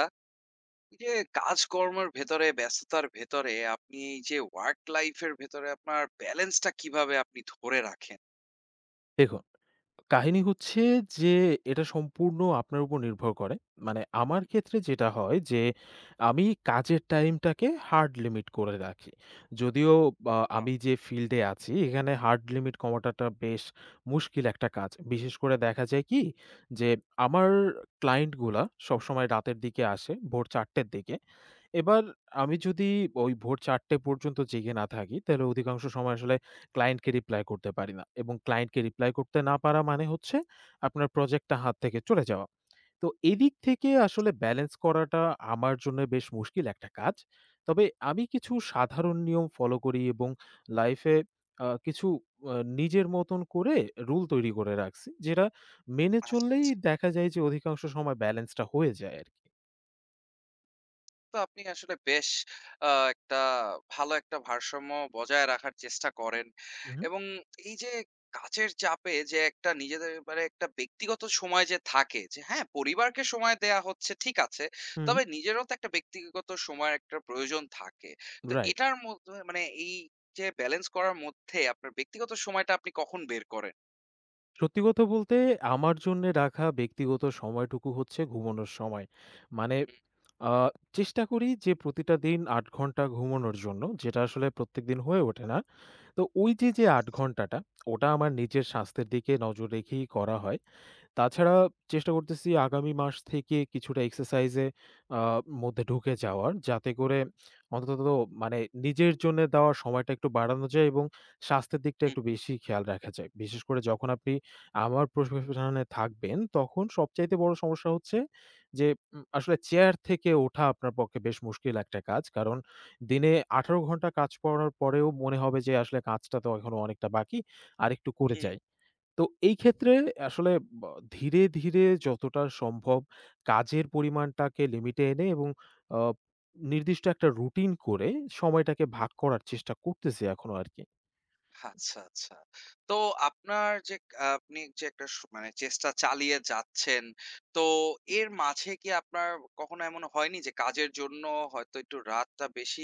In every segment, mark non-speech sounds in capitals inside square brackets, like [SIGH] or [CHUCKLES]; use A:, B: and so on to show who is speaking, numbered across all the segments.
A: টা এই যে কাজকর্মের ভেতরে ব্যস্ততার ভেতরে আপনি এই যে work life এর ভেতরে আপনার balance টা কিভাবে আপনি ধরে রাখেন?
B: দেখুন, কাহিনী হচ্ছে যে এটা সম্পূর্ণ আপনার উপর নির্ভর করে। মানে আমার
A: হু, হু।
B: ক্ষেত্রে যেটা হয় যে, আমি কাজের time টাকে hard limit করে রাখি। যদিও বা
A: ও।
B: আমি যে field এ আছি এখানে hard limit কমাটাটা বেশ মুশকিল একটা কাজ। বিশেষ করে দেখা যায় কি যে আমার client গুলা সবসময় রাতের দিকে আসে, ভোর ৪:০০ টের দিকে। এবার আমি যদি ওই ভোর ৪:০০ টে পর্যন্ত জেগে না থাকি তাইলে অধিকাংশ সময় আসলে client কে reply করতে পারি না এবং client কে reply করতে না পারা মানে হচ্ছে আপনার project টা হাত থেকে চলে যাওয়া। [SMACKS LIPS] তো, এদিক থেকে আসলে balance করাটা আমার জন্যে বেশ মুশকিল একটা কাজ। তবে আমি কিছু সাধারণ নিয়ম follow করি এবং life এ আ কিছু অ নিজের মতন করে rule তৈরি করে রাগছি। যেটা মেনে
A: আচ্ছা,
B: চললেই
A: আচ্ছা।
B: দেখা যায় যে অধিকাংশ সময় balance টা হয়ে যায় আরকি।
A: তো আপনি আসলে বেশ আ একটা, ভালো একটা ভারসাম্য বজায় রাখার চেষ্টা করেন,
B: উ হুম।
A: এবং এই যে কাজের চাপে যে একটা নিজেদের মানে একটা ব্যক্তিগত সময় যে থাকে, যে হ্যাঁ? পরিবারকে সময় দেয়া হচ্ছে ঠিক আছে
B: হুম।
A: তবে নিজেরও তো একটা ব্যক্তিগত সময়ের একটা প্রয়োজন থাকে। তো
B: Right।
A: এটার মধ্যে মানে এই যে balance করার মধ্যে আপনার ব্যক্তিগত সময়টা আপনি কখন বের করেন?
B: সত্যি কথা বলতে আমার জন্যে রাখা ব্যক্তিগত সময়টুকু হচ্ছে ঘুমোনোর সময়। মানে, [SMACKS LIPS]
A: হুম।
B: আ চেষ্টা করি যে প্রতিটা দিন ৮ ঘণ্টা ঘুমোনোর জন্য, যেটা আসলে প্রত্যেকদিন হয়ে ওঠে না। তো ওইযে যে
A: আচ্ছা,
B: ৮
A: আচ্ছা।
B: ঘণ্টাটা [SMACKS LIPS] ওটা আমার নিজের স্বাস্থ্যের দিকে নজর রেখেই করা হয়। তাছাড়া চেষ্টা করতেছি আগামী মাস থেকে কিছুটা exercise-এ, আ মধ্যে ঢুকে যাওয়ার যাতে করে অন্তত মানে নিজের জন্যে দেওয়া সময়টা একটু বাড়ানো যায়, এবং স্বাস্থ্যের দিকটা
A: হুম,
B: একটু
A: হুম।
B: বেশি খেয়াল রাখা যায়। বিশেষ করে যখন আপনি আবার পেশায় থাকবেন তখন সবচাইতে বড় সমস্যা হচ্ছে যে উ আসলে chair থেকে ওঠা আপনার পক্ষে বেশ মুশকিল একটা কাজ। কারণ দিনে ১৮ ঘণ্টা কাজ করার পরেও মনে হবে যে আসলে কাজটা তো এখনও অনেকটা বাকি, আরেকটু করে
A: হুম।
B: যাই। তো এই ক্ষেত্রে আসলে আ ধীরে, ধীরে যতটা সম্ভব কাজের পরিমাণটাকে limit-এ এনে এবং, আ নির্দিষ্ট একটা routine করে সময়টাকে ভাগ করার চেষ্টা করতেছি এখনো আরকি।
A: আচ্ছা, আচ্ছা। তো আপনার যে ক আ আপনি যে একটা স মানে চেষ্টা চালিয়ে যাচ্ছেন তো এর মাঝে কি আপনার কখনো এমন হয়নি? যে কাজের জন্য হয়তো একটু রাতটা বেশি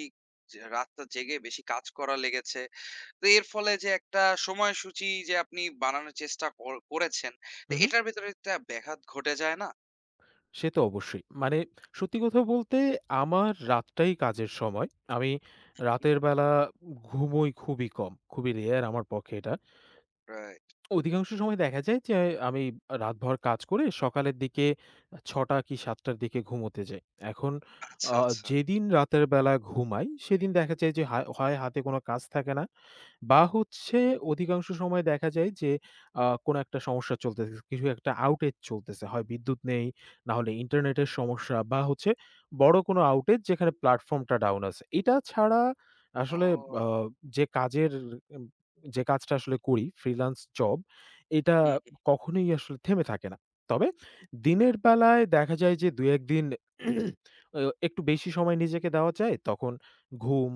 A: জ রাতটা জেগে বেশি কাজ করা লেগেছে? তো এর ফলে যে একটা সময়সূচী যে আপনি বানানোর চেষ্টা কর করেছেন, তো
B: হুম, হুম।
A: এটার ভেতরে একটা ব্যাঘাত ঘটে যায় না?
B: সে তো অবশ্যই। মানে [SMACKS LIPS] সত্যি কথা বলতে, আমার রাতটাই কাজের সময়। আমি
A: [UNINTELLIGIBLE]
B: রাতের বেলা ঘুমোই খুবই কম, খুবই rare আমার পক্ষে এটা। [SMACKS LIPS]
A: Right।
B: অধিকাংশ সময় দেখা যায় যে আমি আ রাতভর কাজ করে সকালের দিকে ৬ টা কি ৭ টার দিকে ঘুমোতে যাই। এখন
A: আচ্ছা,
B: আ
A: আচ্ছা।
B: যেদিন রাতের বেলা ঘুমাই সেদিন দেখা যায় যে হায় হয় হাতে কোন কাজ থাকে না বা হচ্ছে অধিকাংশ সময় দেখা যায় যে, আ কোন একটা সমস্যা চলতেছে। কিছু একটা outage চলতেছে। হয় বিদ্যুৎ নেই না হলে internet-এর সমস্যা বা হচ্ছে বড় কোন outage যেখানে platform-টা down আছে। এটা ছাড়া আসলে আ
A: ও।
B: যে কাজের যে কাজটা আসলে করি freelance job, এটা
A: হু, হুম।
B: কখনোই আসলে থেমে থাকে না। তবে দিনের বেলায় দেখা যায় যে ২-১ দিন [CLEARS THROAT] এও একটু বেশি সময় নিজেকে দেওয়া যায়। তখন ঘুম,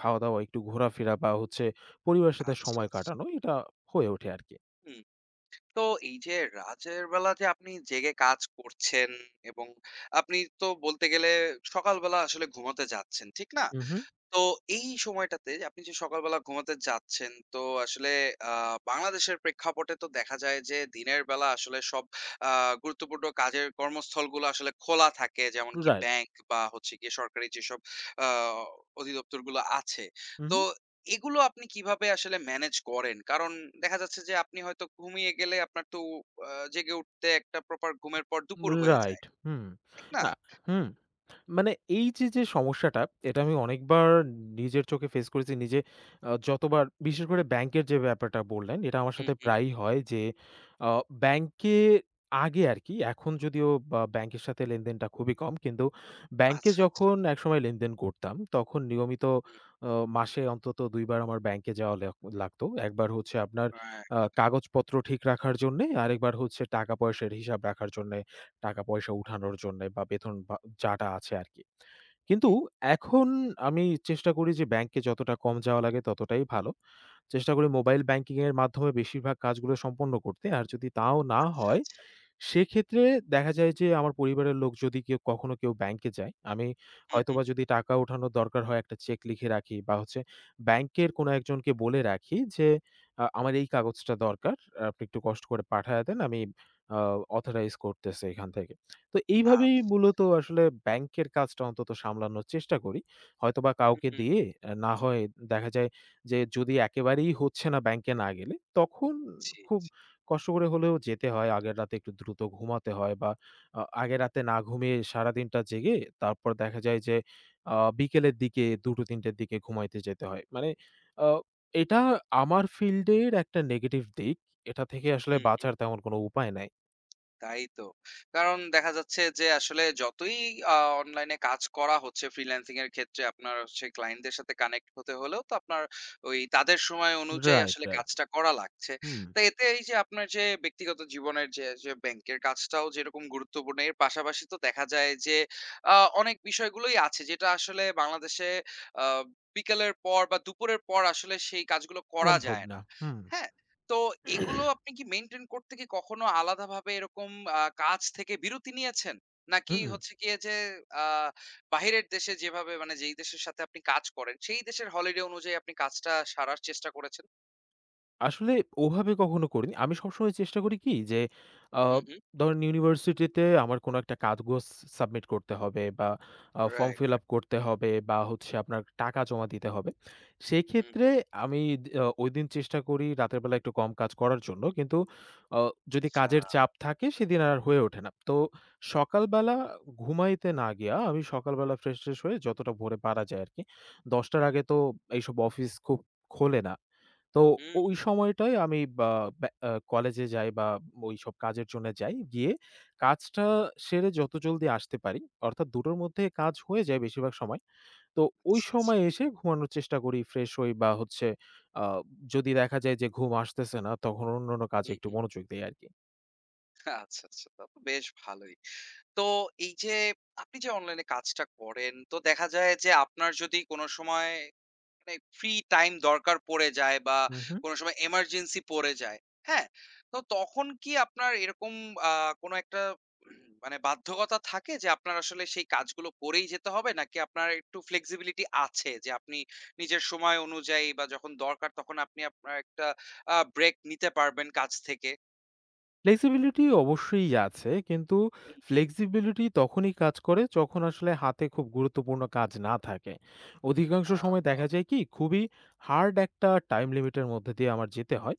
B: খাওয়া-দাওয়া, একটু ঘোরাফেরা বা হচ্ছে পরিবারের সাথে
A: আচ্ছা,
B: সময়
A: আচ্ছা।
B: কাটানো এটা হয়ে ওঠে আরকি।
A: হুম। তো এই যে রাতের বেলা যে আপনি জেগে কাজ করছেন, এবং আপনি তো বলতে গেলে সকালবেলা আসলে ঘুমাতে যাচ্ছেন ঠিক না?
B: হুম, হুম।
A: তো এই সময়টাতে আপনি যে সকালবেলা ঘুমাতে যাচ্ছেন, তো আসলে আ বাংলাদেশের প্রেক্ষাপটে তো দেখা যায় যে দিনের বেলা আসলে সব আ গুরুত্বপূর্ণ কাজের কর্মস্থলগুলো আসলে খোলা থাকে, যেমন কি
B: Right।
A: bank বা হচ্ছে গিয়ে সরকারি যেসব আ অধিদপ্তরগুলো আছে। তো
B: হুম।
A: এগুলো আপনি কিভাবে আসলে manage করেন? কারণ দেখা যাচ্ছে যে আপনি হয়তো ঘুমিয়ে গেলে আপনার তো উ আ জেগে উঠতে একটা proper ঘুমের পর দুপুর হয়ে যায়।
B: Right হুম।
A: ঠিক না?
B: আ হুম। মানে এইযে যে সমস্যাটা এটা আমি অনেকবার নিজের চোখে face করেছি নিজে আ যতবার, বিশেষ করে আ bank-এর যে ব্যাপারটা বললেন এটা আমার
A: হুম,
B: সাথে
A: হুম।
B: প্রায়ই হয় যে অ bank-এ আগে আরকি, এখন যদিও বা bank-এর সাথে লেনদেনটা খুবই কম। কিন্তু bank-এ
A: আচ্ছা, আচ্ছা।
B: যখন একসময় লেনদেন করতাম তখন নিয়মিত
A: হুম।
B: অ মাসে অন্তত ২ বার আমার bank-এ যাওয়া লেওয়া লাগত। একবার হচ্ছে আপনার আ
A: Right।
B: কাগজপত্র ঠিক রাখার জন্যে, আরেকবার হচ্ছে টাকা পয়সার হিসাব রাখার জন্যে, টাকা পয়সা
A: [UNINTELLIGIBLE]
B: উঠানোর জন্যে বা বেতন বা যা-টা আছে আরকি। কিন্তু
A: হুম।
B: এখন আমি চেষ্টা করি যে bank-এ যতটা কম যাওয়া লাগে ততটাই ভালো। চেষ্টা করি mobile banking-এর মাধ্যমে বেশিরভাগ কাজগুলো সম্পন্ন করতে। আর যদি তাও না
A: আচ্ছা,
B: হয়,
A: আচ্ছা
B: সেক্ষেত্রে দেখা যায় যে আমার পরিবারের লোক যদি কেউ কখনো কেউ bank-এ যায়, আমি
A: হুম,
B: হয়তোবা
A: হুম।
B: যদি টাকা উঠানোর দরকার হয়, একটা cheque লিখে রাখি বা হচ্ছে bank-এর কোন একজনকে বলে রাখি, যে আ আমার এই কাগজটা দরকার। আপনি একটু কষ্ট করে পাঠায়ে দেন। আমি আ authorize করতেছি এখান থেকে। [SMACKS LIPS] তো এইভাবেই
A: আচ্ছা।
B: মূলত আসলে bank-এর কাজটা অন্তত সামলানোর চেষ্টা করি। হয়তোবা
A: হুম,
B: কাউকে
A: হুম।
B: দিয়ে, না হয় দেখা যায় যে যদি একেবারেই হচ্ছে না bank-এ না গেলে, তখন
A: জি,
B: খুব
A: জি।
B: কষ্ট করে হলেও যেতে হয়। আগের রাতে একটু দ্রুত ঘুমাতে হয় বা আ আগে রাতে না ঘুমিয়ে সারাদিনটা জেগে তারপর দেখা যায় যে আ বিকেলের দিকে ২-৩ টের দিকে ঘুমাইতে যেতে হয়। মানে আ এটা আমার field-এর একটা negative দিক। এটা থেকে আসলে
A: হু, হুম।
B: বাঁচার তেমন কোন উপায় নাই।
A: তাই তো। কারণ দেখা যাচ্ছে যে আসলে যতই আ অনলাইন এ কাজ করা হচ্ছে ফ্রিল্যান্সিং এর ক্ষেত্রে আপনার হচ্ছে ক্লায়েন্টদের সাথে কানেক্ট হতে হলেও তো আপনার ওই তাদের সময় অনুযায়ী
B: রাইট,
A: আসলে
B: রাইট।
A: কাজটা করা লাগছে।
B: হুম।
A: তো এতে এই যে আপনার যে ব্যক্তিগত জীবনের যে যে ব্যাংক এর কাজটাও যেরকম গুরুত্বপূর্ণ এর পাশাপাশি তো দেখা যায় যে আ অনেক বিষয়গুলোই আছে যেটা আসলে বাংলাদেশে আ বিকেলের পর বা দুপুরের পর আসলে সেই কাজগুলো করা
B: সম্ভব
A: যায়
B: না,
A: না।
B: হুম।
A: হ্যাঁ? তো এগুলো
B: [CLEARS THROAT]
A: আপনি কি মেইনটেইন করতে কি কখনো আলাদাভাবে এরকম আ কাজ থেকে বিরতি নিয়েছেন? নাকি
B: হুম।
A: হচ্ছে গিয়ে যে, আ বাহিরের দেশে যেভাবে মানে যেই দেশের সাথে আপনি কাজ করেন সেই দেশের হলিডে অনুযায়ী আপনি কাজটা সারার চেষ্টা করেছেন?
B: আসলে ওভাবে কখনো করিনি। আমি সবসময় চেষ্টা করি কি যে, আ
A: হু, হু।
B: ধরেন ইউনিভার্সিটিতে আমার কোন একটা কাগজ সাবমিট করতে হবে বা আ
A: রাইট,
B: ফর্ম
A: রাইট।
B: ফিল-আপ করতে হবে বা হচ্ছে আপনার টাকা জমা দিতে হবে। সেই
A: হুম।
B: ক্ষেত্রে আমি আ দি ওই দিন চেষ্টা করি রাতের বেলা একটু কম কাজ করার জন্য। কিন্তু আ যদি কাজের
A: আচ্ছা।
B: চাপ থাকে সেদিন আর হয়ে ওঠে না। তো সকালবেলা ঘুমাইতে না গিয়ে আমি সকালবেলা ফ্রেশ টেশ হয়ে যতটা ভোরে পারা
A: হু, হু।
B: যায় আর কি। ১০ টার আগে তো এইসব অফিস খুব খোলে না। তো ওই
A: হু।
B: সময়টায় আমি বা ব্যা আ কলেজে যাই বা ওইসব কাজের জন্যে যাই। গিয়ে কাজটা সেরে যত জলদি আসতে পারি অর্থাৎ ২ টোর মধ্যে কাজ হয়ে যায় বেশিরভাগ সময়। তো ওই
A: আচ্ছা, আচ্ছা।
B: সময় এসে ঘুমানোর চেষ্টা করি ফ্রেশ হই বা হচ্ছে, আ যদি দেখা যায় যে ঘুম আসতেছে না তখন অন্যান্য কাজে
A: হুম,
B: একটু
A: হুম।
B: মনোযোগ দেই আরকি।
A: আচ্ছা, আচ্ছা। তা তো বেশ ভালোই। তো এই যে আপনি যে অনলাইনে কাজটা করেন, তো দেখা যায় যে আপনার যদি কোন সময় মানে ফ্রি টাইম দরকার পড়ে যায় বা
B: হুম, হুম।
A: কোন সময় এমারজেন্সি পড়ে যায়, হ্যাঁ? তো তখন কি আপনার এরকম আ কোন একটা [CLEARS THROAT] মানে বাধ্যকতা থাকে যে আপনার আসলে সেই কাজগুলো করেই যেতে হবে নাকি আপনার একটু ফ্লেক্সিবিলিটী আছে যে আপনি নিজের সময় অনুযায়ী বা যখন দরকার তখন আপনি আপনার একটা আ ব্রেক নিতে পারবেন কাজ থেকে?
B: ফ্লেক্সিবিলিটি অবশ্যই আছে, কিন্তু
A: হুম, হুম।
B: ফ্লেক্সিবিলিটি তখনই কাজ করে যখন আসলে হাতে খুব গুরুত্বপূর্ণ কাজ না থাকে। অধিকাংশ সময়
A: [UNINTELLIGIBLE]
B: দেখা যায় কি খুবই হার্ড একটা টাইম লিমিট এর মধ্য দিয়ে আমার যেতে হয়।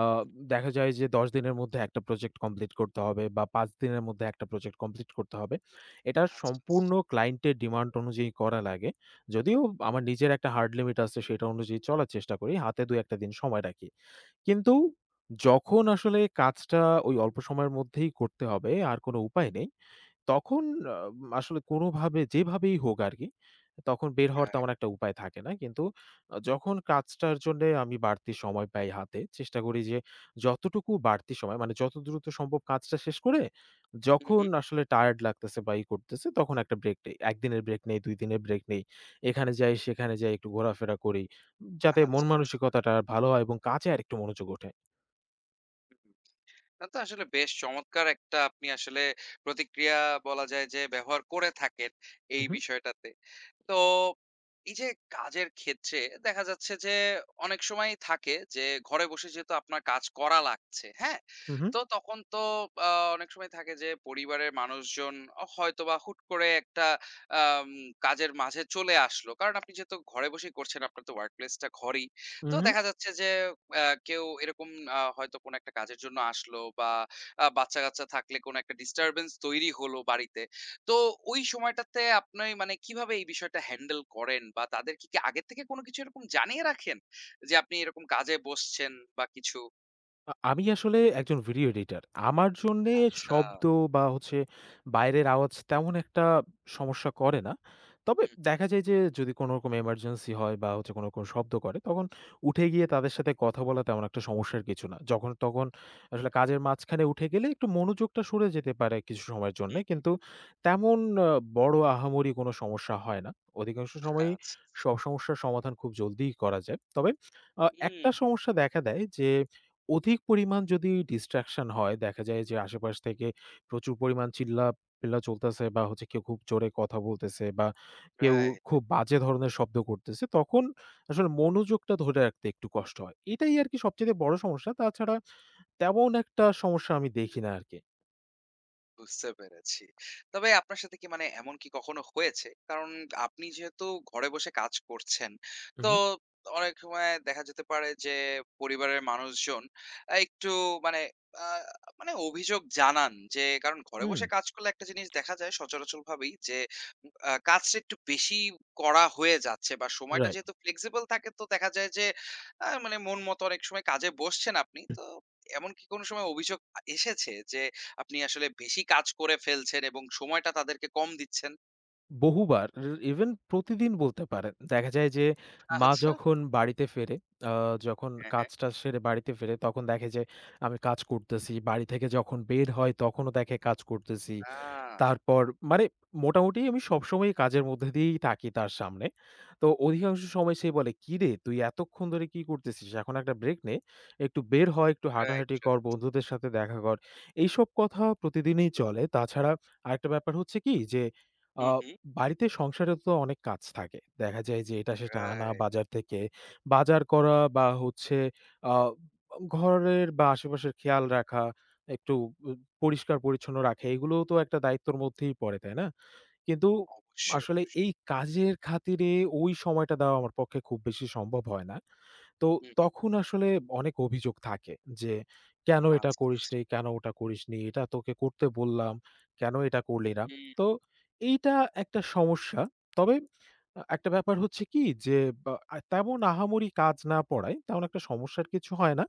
B: আ
A: [UNINTELLIGIBLE]
B: দেখা যায় যে, ১০ দিনের মধ্যে একটা প্রজেক্ট কমপ্লিট করতে হবে বা ৫ দিনের মধ্যে একটা প্রজেক্ট কমপ্লিট করতে হবে। এটা
A: আচ্ছা,
B: সম্পূর্ণ
A: আচ্ছা।
B: ক্লায়েন্ট এর ডিমান্ড অনুযায়ী করা লাগে। যদিও আমার নিজের একটা হার্ড লিমিট আছে সেটা অনুযায়ী চলার চেষ্টা করি, হাতে ২ ১টা দিন সময় রাখি। কিন্তু যখন আসলে কাজটা ওই অল্প সময়ের মধ্যেই করতে হবে আর কোন উপায়
A: হুম।
B: নেই, তখন অ আসলে কোনভাবে যেভাবেই হোক আরকি তখন বের হওয়ার
A: রাইট।
B: তেমন একটা উপায় থাকে না। কিন্তু অ যখন কাজটার জন্যে আমি বাড়তি সময় পাই হাতে চেষ্টা করি যে যতটুকু বাড়তি সময় মানে যত দ্রুত সম্ভব কাজটা শেষ করে
A: হুম,
B: যখন
A: হুম।
B: আসলে টায়ার্ড লাগতেছে বা ই করতেছে তখন একটা ব্রেক নেই। ১ দিনের ব্রেক নেই, ২ দিনের ব্রেক নেই। এখানে যাই সেখানে যাই একটু ঘোরাফেরা করি যাতে
A: আচ্ছা, আচ্ছা।
B: মনমানসিকতাটা ভালো হয় এবং কাজে আরেকটু মনোযোগ ওঠে।
A: উ হু, তা তো আসলে বেশ চমৎকার একটা আপনি আসলে প্রতিক্রিয়া বলা যায় যে ব্যবহার করে থাকেন
B: উ
A: এই
B: হুম।
A: বিষয়টাতে। তো এই যে কাজের ক্ষেত্রে দেখা যাচ্ছে যে অনেক সময়ই থাকে যে ঘরে বসে যেহেতু আপনার কাজ করা লাগছে, হ্যাঁ?
B: উ হুম।
A: তো তখন তো আ অনেক সময় থাকে যে পরিবারের মানুষজন আ হয়তোবা হুট করে একটা অ্যা কাজের মাঝে চলে আসলো। কারণ আপনি যেহেতু ঘরে বসেই করছেন, আপনার তো ওয়ার্ক প্লেসটা ঘরেই।
B: উম,
A: তো
B: হুম।
A: দেখা যাচ্ছে যে, অ্যা কেউ এরকম আ হয়তো কোন একটা কাজের জন্য আসলো বা আ বাচ্চা-কাচ্চা থাকলে কোন একটা ডিস্টারবেন্স তৈরি হলো বাড়িতে। তো ওই সময়টাতে আপনি মানে কিভাবে এই বিষয়টা হ্যান্ডেল করেন বা তাদেরকে কি আগে থেকে কোন কিছু এরকম জানিয়ে রাখেন যে আপনি এরকম কাজে বসছেন বা কিছু?
B: আ আমি আসলে একজন video editor আমার জন্যে
A: আচ্ছা।
B: শব্দ বা হচ্ছে বাইরের আওয়াজ তেমন একটা সমস্যা করে না। তবে [SMACKS LIPS]
A: হু, হু।
B: দেখা যায় যে যদি কোনরকম emergency হয় বা হচ্ছে কোনো রকম শব্দ করে, তখন উঠে গিয়ে তাদের সাথে কথা বলা তেমন একটা সমস্যার কিছু না। যখন তখন আসলে কাজের মাঝখানে উঠে গেলে একটু মনোযোগটা সরে যেতে পারে কিছু সময়ের
A: হু,
B: জন্যে।
A: হু।
B: কিন্তু তেমন আ বড় আহামরি কোনো সমস্যা হয় না। অধিকাংশ সময়ই
A: আচ্ছা,
B: স
A: আচ্ছা।
B: সমস্যার সমাধান খুব জলদিই করা যায়। তবে আ একটা
A: উম
B: সমস্যা দেখা দেয় যে অধিক পরিমাণ যদি distraction হয়, দেখা যায় যে আশে-পাশ থেকে প্রচুর পরিমাণ চিল্লা-পিল্লা চলতেছে বা হচ্ছে কেউ খুব জোরে কথা বলতেছে বা কেউ
A: Right।
B: খুব বাজে ধরনের শব্দ করতেছে তখন আসলে মনোযোগটা ধরে রাখতে একটু কষ্ট হয়। এটাই আরকি সবচাইতে বড় সমস্যা তাছাড়া তেমন একটা সমস্যা আমি দেখি না আরকি।
A: বুঝতে পেরেছি। তবে আপনার সাথে কি মানে এমন কি কখনো হয়েছে? কারণ আপনি যেহেতু ঘরে বসে কাজ করছেন তো
B: উহু।
A: অনেক সময় দেখা যেতে পারে যে, পরিবারের মানুষজন আ একটু মানে আ মানে অভিযোগ জানান যে, কারণ ঘরে
B: হুম।
A: বসে কাজ করলে একটা জিনিস দেখা যায় সচরাচর ভাবেই যে উ আ কাজটা একটু বেশিই করা হয়ে যাচ্ছে, বা সময়টা
B: Right।
A: যেহেতু flexible থাকে তো দেখা যায় যে আ মানে মন মতো অনেক সময় কাজে বসছেন আপনি। তো এমন কি কোনো সময় অভিযোগ আ এসেছে যে আপনি আসলে বেশি কাজ করে ফেলছেন এবং সময়টা তাদেরকে কম দিচ্ছেন?
B: বহুবার, ই ইভেন প্রতিদিন বলতে পারেন। দেখা যায় যে, মা
A: আচ্ছা।
B: যখন বাড়িতে ফেরে, আ যখন
A: হ্যাঁ, হ্যাঁ।
B: কাজ-টাজ সেরে বাড়িতে ফেরে, তখন দেখে যে আমি কাজ করতেছি। বাড়ি থেকে যখন বের হয় তখনও দেখে কাজ করতেছি।
A: আ
B: তারপর, মানে মোটামুটি আমি সবসময়ই কাজের মধ্য দিয়েই থাকি তার সামনে। তো
A: হুম।
B: অধিকাংশ সময় সে বলে, "কিরে তুই এতক্ষণ ধরে কি করতেছিস? এখন একটা ব্রেক নে, একটু বের হ, একটু
A: রাইট,
B: হাঁটাহাঁটি কর,
A: রাইট।
B: বন্ধুদের সাথে দেখা কর। এইসব কথা প্রতিদিনই চলে।" তাছাড়া আরেকটা ব্যাপার হচ্ছে কি? যে, আ
A: হুম, হুম।
B: বাড়িতে সংসারেও তো অনেক কাজ থাকে। দেখা যায় যে, এটা সেটা আনা
A: রাইট।
B: বাজার থেকে, বাজার করা বা হচ্ছে আ ঘরের বা আশেপাশের খেয়াল রাখা, একটু উ পরিষ্কার-পরিচ্ছন্ন রাখা এগুলোও তো একটা দায়িত্বের মধ্যেই পড়ে, তাই না? কিন্তু,
A: অবশ্যই,
B: আসলে
A: অবশ্যই।
B: এই কাজের খাতিরে ওই সময়টা দেওয়া আমার পক্ষে খুব বেশি সম্ভব হয় না। তো
A: হুম।
B: তখন আসলে অনেক অভিযোগ থাকে যে, কেন এটা
A: আচ্ছা,
B: করিস
A: আচ্ছা।
B: নি, কেন ওটা করিস নি? এটা তোকে করতে বললাম, কেন এটা করলি না?
A: হুম।
B: তো, এইটা একটা সমস্যা। তবে, অ্যা একটা ব্যাপার হচ্ছে কি যে আ তেমন আহামরি কাজ না পড়ায়, তেমন একটা সমস্যার কিছু হয় না।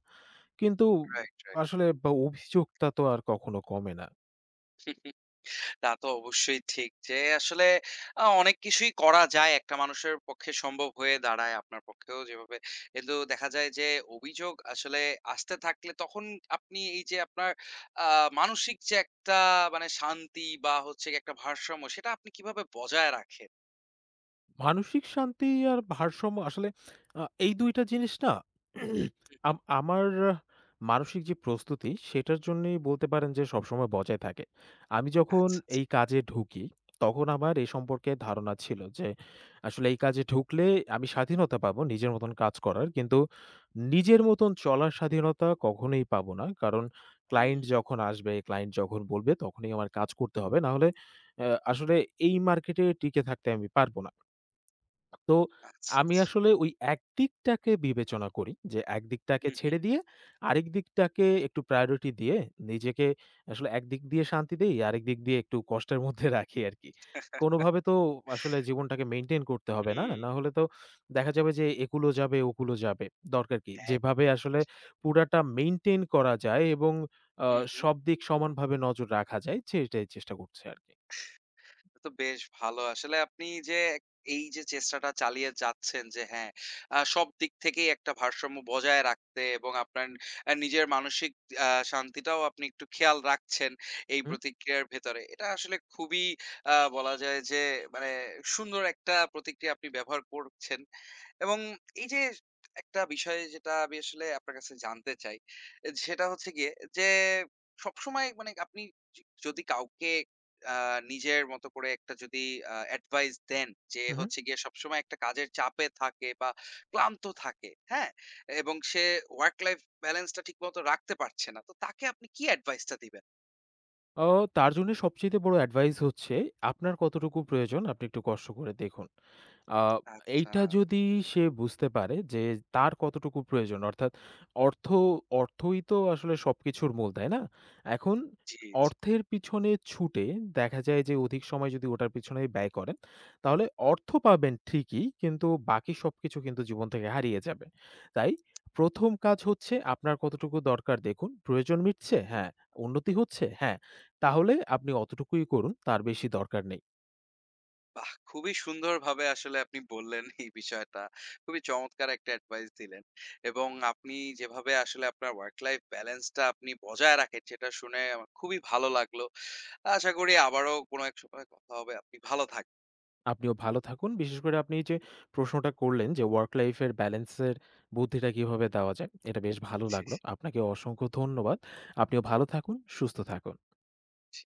B: কিন্তু,
A: রাইট, রাইট।
B: আসলে অ অভিযোগটা তো আর কখনো কমে না।
A: [CHUCKLES] তা তো অবশ্যই ঠিক। যে আসলে আ অনেক কিছুই করা যায়, একটা মানুষের পক্ষে সম্ভব হয়ে দাঁড়ায়, আপনার পক্ষেও যেভাবে। এগুলো দেখা যায় যে, অভিযোগ আসলে আসতে থাকলে তখন আপনি এই যে আপনার আ মানসিক যে একটা মানে শান্তি বা হচ্ছে গিয়ে একটা ভারসাম্য, সেটা আপনি কিভাবে বজায় রাখেন?
B: মানসিক শান্তি আর ভারসাম্য আসলে [SMACKS LIPS] আ এই ২টা জিনিস না [CLEARS THROAT] [SMACKS LIPS]
A: হুম, হুম।
B: আম আমার মানসিক যে প্রস্তুতি সেটার জন্যই বলতে পারেন যে সবসময় বজায় থাকে। আমি যখন
A: আচ্ছা, আচ্ছা।
B: এই কাজে ঢুকি, তখন আমার এ সম্পর্কে ধারণা ছিল যে আসলে এই কাজে ঢুকলে আমি স্বাধীনতা পাব নিজের মতন কাজ করার। কিন্তু নিজের মতন চলার স্বাধীনতা কখনোই পাব না। কারণ ক্লায়েন্ট
A: হুম।
B: যখন আসবে, ক্লায়েন্ট যখন বলবে তখনই আমার কাজ করতে হবে। না হলে অ্যা আসলে এই মার্কেটে টিকে থাকতে আমি পারব না। তো
A: আচ্ছা,
B: আমি
A: আচ্ছা।
B: আসলে ওই একদিকটাকে বিবেচনা করি যে একদিকটাকে
A: হুম, হুম।
B: ছেড়ে দিয়ে আরেক দিকটাকে একটু প্রায়োরিটি দিয়ে নিজেকে আসলে একদিক দিয়ে শান্তি দেই, আরেক দিক দিয়ে একটু কষ্টের মধ্যে রাখি আরকি। কোনভাবে তো আসলে
A: [CHUCKLES]
B: জীবনটাকে মেইন্টেইন করতে হবে, না?
A: হুম।
B: না হলে তো দেখা যাবে যে একূল ও যাবে ওকূল ও যাবে। [SMACKS LIPS] দরকার কি? যেভাবে
A: একদম।
B: আসলে পুরাটা মেন্টেইন করা যায় এবং আ
A: হুম, হুম।
B: সব দিক সমানভাবে নজর রাখা যায় সেইটাই চেষ্টা করছে আরকি।
A: [CHUCKLES] তো বেশ ভালো। আসলে আপনি যে এই যে, চেষ্টাটা চালিয়ে যাচ্ছেন যে হ্যাঁ, আ সব দিক থেকেই একটা ভারসাম্য বজায় রাখতে এবং আপনার অ্যা নিজের মানসিক অ্যা শান্তিটাও আপনি একটু খেয়াল রাখছেন এই
B: হুম।
A: প্রতিক্রিয়ার ভেতরে। এটা আসলে খুবই আ বলা যায় যে, মানে সুন্দর একটা প্রতিক্রিয়া আপনি ব্যবহার করছেন এবং এই যে একটা বিষয় যেটা আমি আসলে আপনার কাছে জানতে চাই। অ্যা সেটা হচ্ছে গিয়ে যে, সবসময় মানে আপনি জি যদি কাউকে আ নিজের মতো করে একটা যদি আ এডভাইস দেন যে
B: হুম, হুম।
A: হচ্ছে গিয়ে সবসময় একটা কাজের চাপে থাকে বা ক্লান্ত থাকে, হ্যাঁ? এবং সে ওয়ার্ক লাইফ ব্যালেন্স টা ঠিকমতো রাখতে পারছে না, তো তাকে আপনি কি এডভাইস টা দিবেন?
B: ও তার জন্য সবচাইতে বড় এডভাইস হচ্ছে আপনার কতটুকু প্রয়োজন আপনি একটু কষ্ট করে দেখুন। আ
A: আচ্ছা।
B: এইটা যদি সে বুঝতে পারে যে তার কতটুকু প্রয়োজন অর্থাৎ অর্থ, অর্থই তো আসলে সব কিছুর মূল, তাই না? এখন
A: জি, জি।
B: অর্থের পিছনে ছুটে দেখা যায় যে অধিক সময় যদি ওটার পিছনে ব্যয় করেন তাহলে অর্থ পাবেন ঠিকই কিন্তু বাকি সবকিছু কিন্তু জীবন থেকে হারিয়ে যাবে। তাই ১ম কাজ হচ্ছে আপনার কতটুকু দরকার দেখুন। প্রয়োজন
A: হুম,
B: মিটছে?
A: হুম।
B: হ্যাঁ। উন্নতি হচ্ছে? হ্যাঁ। তাহলে আপনি অতটুকুই করুন তার বেশি দরকার নেই।
A: বাহ! খুবই সুন্দরভাবে আসলে আপনি বললেন এই বিষয়টা। খুবই চমৎকার একটা এডভাইস দিলেন এবং আপনি যেভাবে আসলে আপনার ওয়ার্ক লাইফ ব্যালেন্স টা আপনি বজায় রাখেন সেটা শুনে আমার খুবই ভালো লাগলো। আশা করি আবারও কোনো এক সময় কথা হবে। আপনি ভালো থাকবেন।
B: আপনিও ভালো থাকুন। বিশেষ করে আপনি এই যে প্রশ্নটা করলেন যে, ওয়ার্ক লাইফ এর ব্যালেন্স এর বুদ্ধিটা কিভাবে দেওয়া যায় এটা বেশ ভালো
A: জি,
B: লাগলো।
A: জি।
B: আপনাকে অসংখ্য ধন্যবাদ। আপনিও ভালো থাকুন, সুস্থ থাকুন।
A: জি।